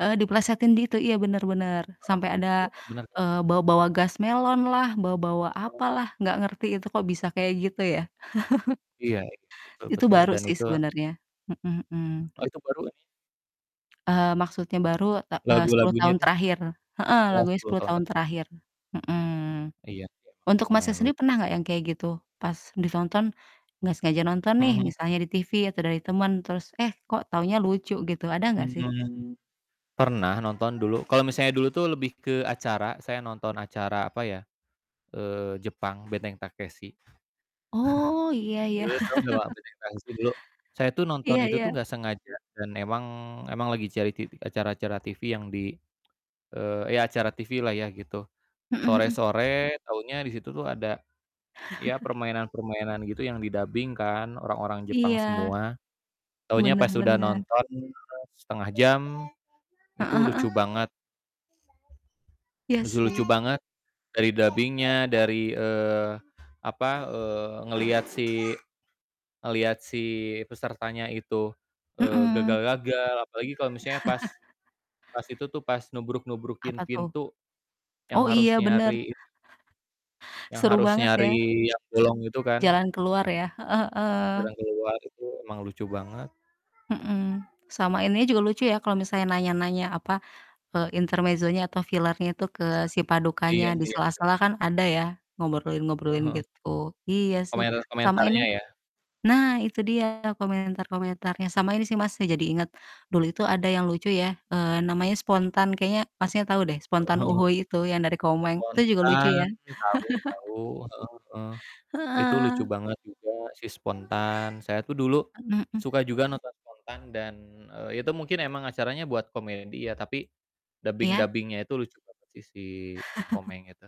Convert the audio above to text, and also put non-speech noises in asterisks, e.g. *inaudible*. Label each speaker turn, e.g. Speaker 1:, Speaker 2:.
Speaker 1: Eee, diplesetin di itu, iya bener-bener,
Speaker 2: Heeh,
Speaker 1: sampai
Speaker 2: iya
Speaker 1: ada,
Speaker 2: kan? Benar kan?
Speaker 1: eee, bawa-bawa gas melonlah, bawa-bawa
Speaker 2: Tahu Kak.
Speaker 1: apalah nggak ngerti itu kok bisa kayak gitu ya? *chuckles*
Speaker 2: Iya, iya, betul
Speaker 1: Itu
Speaker 2: betul
Speaker 1: baru
Speaker 2: dan
Speaker 1: sih
Speaker 2: itu
Speaker 1: sebenarnya, mhm
Speaker 2: Hmm,
Speaker 1: mhm.
Speaker 2: oh itu barukan ya?
Speaker 1: Eee, maksudnya baru, ta eee, 10
Speaker 2: Lagu-lagunya
Speaker 1: tahun
Speaker 2: tuh.
Speaker 1: terakhir, heeh,
Speaker 2: Oh,
Speaker 1: lagunya
Speaker 2: 10
Speaker 1: 10
Speaker 2: tahun
Speaker 1: tahun
Speaker 2: tek
Speaker 1: terakhir, mhm.
Speaker 2: Iya, sih emang,
Speaker 1: Untuk Masnya
Speaker 2: lumayan
Speaker 1: sendiri
Speaker 2: lucu.
Speaker 1: pernah gak yang kayak gitu? Pas ditonton, gak sengaja nonton
Speaker 2: Mhm
Speaker 1: nih
Speaker 2: mhm.
Speaker 1: misalnya di TV atau dari teman, terus eh kok taunya lucu gitu, ada gak sih?
Speaker 2: Hmm, pernah nonton dulu, kalau misalnya dulu tuh lebih ke acara, saya nonton acara apa ya, eee, Jepang Benteng Takeshi
Speaker 1: Oh, iya
Speaker 2: *chuckles*
Speaker 1: iya.
Speaker 2: dulu, tau engga Mbak
Speaker 1: *chuckles*
Speaker 2: Benteng Takeshi dulu, Saya tuh nonton
Speaker 1: Iya
Speaker 2: itu tuh
Speaker 1: iya.
Speaker 2: gak sengaja, dan emang emang lagi cari titi acara-acara TV yang di, eee, ya acara TV-lah ya gitu,
Speaker 1: Mhm mhm.
Speaker 2: sore-sore taunya di situ tuh ada, ya
Speaker 1: *chuckles*
Speaker 2: permainan-permainan gitu yang didabing kan, orang-orang Jepang
Speaker 1: Iya.
Speaker 2: semua, taunya
Speaker 1: Bener
Speaker 2: pas udah
Speaker 1: bener.
Speaker 2: nonton, eee, 1/2 jam, itu
Speaker 1: Heeh heeh.
Speaker 2: lucu banget.
Speaker 1: Iya
Speaker 2: Lucu-lucu
Speaker 1: sih.
Speaker 2: banget, dari dabingnya, dari, eee, apa, eee, ngeliat si, ngeliat si pesertanya itu, eee,
Speaker 1: Mhm.
Speaker 2: gagal-gagal, apalagi kalau misalnya pas
Speaker 1: *chuckles*
Speaker 2: pas itu tuh, pas nubruk-nubrukin
Speaker 1: Apa tuh?
Speaker 2: pintu, yang
Speaker 1: Oh
Speaker 2: harus
Speaker 1: iya bener.
Speaker 2: nyariin yang
Speaker 1: Seru
Speaker 2: harus
Speaker 1: banget ya.
Speaker 2: nyari yang bolong itu kan?
Speaker 1: Jalan keluar ya, heeh heeh.
Speaker 2: Jarang keluar itu emang lucu banget.
Speaker 1: Mhm, sama ininya juga lucu ya, kalo misalnya nanya-nanya apa, eee, intermezzonya atau filernya tuh ke si
Speaker 2: Iya,
Speaker 1: padukannya, di
Speaker 2: iya, iya.
Speaker 1: sela-sela kan ada ya, ngobrolin
Speaker 2: Eee,
Speaker 1: ngobrolin
Speaker 2: heeh,
Speaker 1: gitu, iya sih, sama
Speaker 2: komentar-komentarnya
Speaker 1: ini
Speaker 2: ya?
Speaker 1: nah itu dia komentar-komentarnya, sama ini sih Mas, saya jadi inget, dulu itu ada yang lucu ya, eee, namanya Spontan kayaknya maksudnya tau deh,
Speaker 2: Heeh
Speaker 1: Spontan
Speaker 2: heeh.
Speaker 1: uhuy itu yang dari Komeng, itu juga lucu ya.
Speaker 2: Spontan, tahu
Speaker 1: *chuckles*
Speaker 2: tahu, heeh heeh, itu lucu
Speaker 1: Heeh.
Speaker 2: banget juga si Spontan, saya tuh dulu,
Speaker 1: Mhm mhm.
Speaker 2: suka juga nonton Spontan, dan, eee, itu mungkin emang acaranya buat komedi ya, tapi
Speaker 1: Iya?
Speaker 2: dabing-dabingnya itu lucu banget sih, si
Speaker 1: *chuckles*
Speaker 2: Komeng itu.